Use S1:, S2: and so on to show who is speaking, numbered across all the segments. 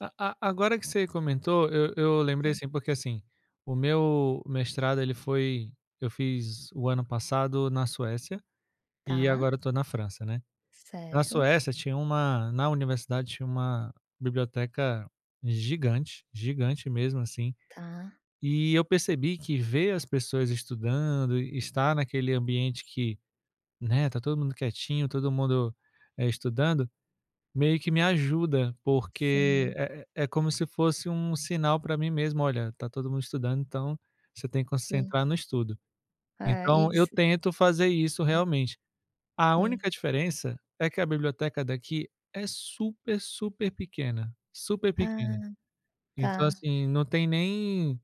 S1: A a agora que você comentou, eu eu lembrei
S2: É.
S1: assim porque assim, o meu mestrado ele foi eu fiz o ano passado na Suécia, e
S2: Tá.
S1: agora eu tô na França, né. Na
S2: Certo.
S1: Suécia tinha uma na universidade, tinha uma biblioteca gigante, gigante mesmo, assim.
S2: Tá.
S1: E eu percebi que ver as pessoas estudando e estar naquele ambiente que, né, tá todo mundo quietinho, todo mundo, eh, estudando, meio que me ajuda, porque
S2: Sim.
S1: é é como se fosse um sinal pra mim mesmo: "Olha, tá todo mundo estudando, então você tem que
S2: Sim.
S1: concentrar no estudo".
S2: É,
S1: Então, eu
S2: isso.
S1: tento fazer isso realmente. A
S2: Sim.
S1: única diferença é que a biblioteca daqui é super, super pequena. Super pequena.
S2: Ah,
S1: Então
S2: tá.
S1: assim, não tem nem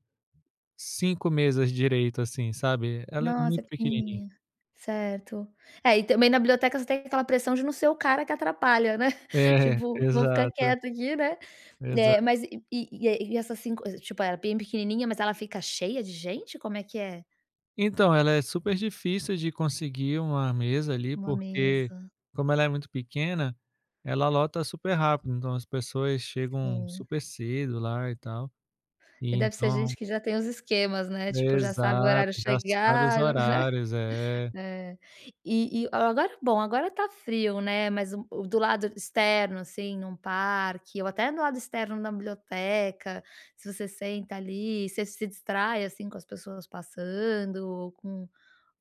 S1: 5 mesas direito, assim, sabe. Ela é
S2: Nossa, é
S1: muito pequenininha.
S2: pequenininha. Certo. É, e também na biblioteca você tem aquela pressão de não ser o cara que atrapalha, né?
S1: É,
S2: Tipo: "Vou ficar
S1: exato.
S2: quieto aqui, né".
S1: Exato.
S2: Eh, mas e e e essas 5 eh, tipo é bem pequenininha, mas ela fica cheia de gente, como é que é?
S1: Então, ela é super difícil de conseguir uma mesa ali,
S2: Uma
S1: porque
S2: mesa.
S1: como ela é muito pequena, ela lota super rápido. Então as pessoas chegam
S2: Sim.
S1: super cedo lá e tal. E
S2: E deve ser
S1: então
S2: gente que já tem os esquemas, né? Tipo, já sabe o
S1: Exato.
S2: horário
S1: Traçaram os
S2: chegar, já vai né.
S1: horários, é.
S2: É. E e o agora, bom, agora tá frio, né, mas o do lado externo, assim, num parque ou até do lado externo da biblioteca, se você senta ali, você se distrai, assim, com as pessoas passando ou com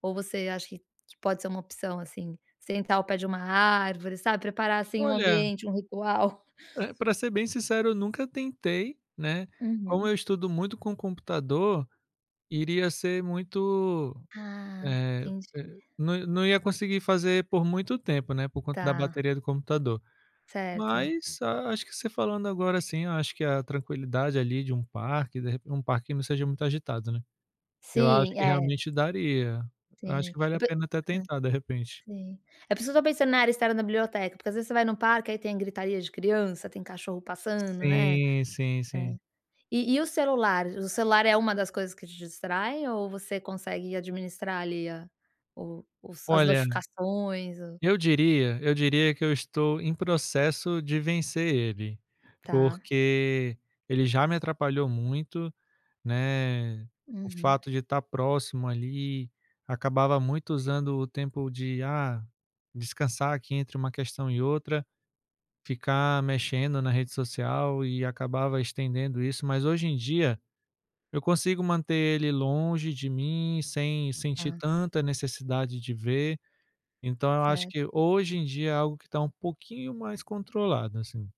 S2: ou você acha que que pode ser uma opção, assim? Sentar ao pé de uma árvore, sabe. Preparar, assim, um
S1: Olha
S2: ambiente, um ritual.
S1: Eh, pra ser bem sincero eu nunca tentei, né. Como
S2: Uhum.
S1: eu estudo muito com computador, iria ser muito,
S2: Ah,
S1: eh
S2: entendi.
S1: eh, não não ia conseguir fazer por muito tempo, né, por conta da
S2: Tá.
S1: bateria do computador.
S2: Certo.
S1: Mas, a acho que você falando agora assim, eu acho que a tranquilidade ali de um parque, de repe um parque não seja muito agitado, né. Eu acho
S2: Sim,
S1: que
S2: é.
S1: realmente daria. Eu acho
S2: Sim,
S1: que vale
S2: eu
S1: a
S2: pe
S1: pena até
S2: hã,
S1: tentar, de repente.
S2: sim. É por isso que eu estou pensando na área externa da biblioteca, porque às vezes você vai no parque, aí tem gritaria de criança, tem cachorro passando, né.
S1: Sim, sim,
S2: É.
S1: sim.
S2: E e o celular, o celular é uma das coisas que te distrai, ou você consegue administrar ali a o os as
S1: Olha,
S2: notificações? O
S1: eu diria eu diria que eu estou em processo de vencer ele,
S2: Tá.
S1: porque ele já me atrapalhou muito, né. O
S2: Uhum.
S1: fato de estar próximo ali, acabava muito usando o tempo de: "Ah, descansar aqui entre uma questão e outra", ficar mexendo na rede social e acabava estendendo isso. Mas hoje em dia, eu consigo manter ele longe de mim sem sentir
S2: Tá.
S1: tanta necessidade de ver. Então eu acho que
S2: Certo.
S1: hoje em dia é algo que está um pouquinho mais controlado, assim.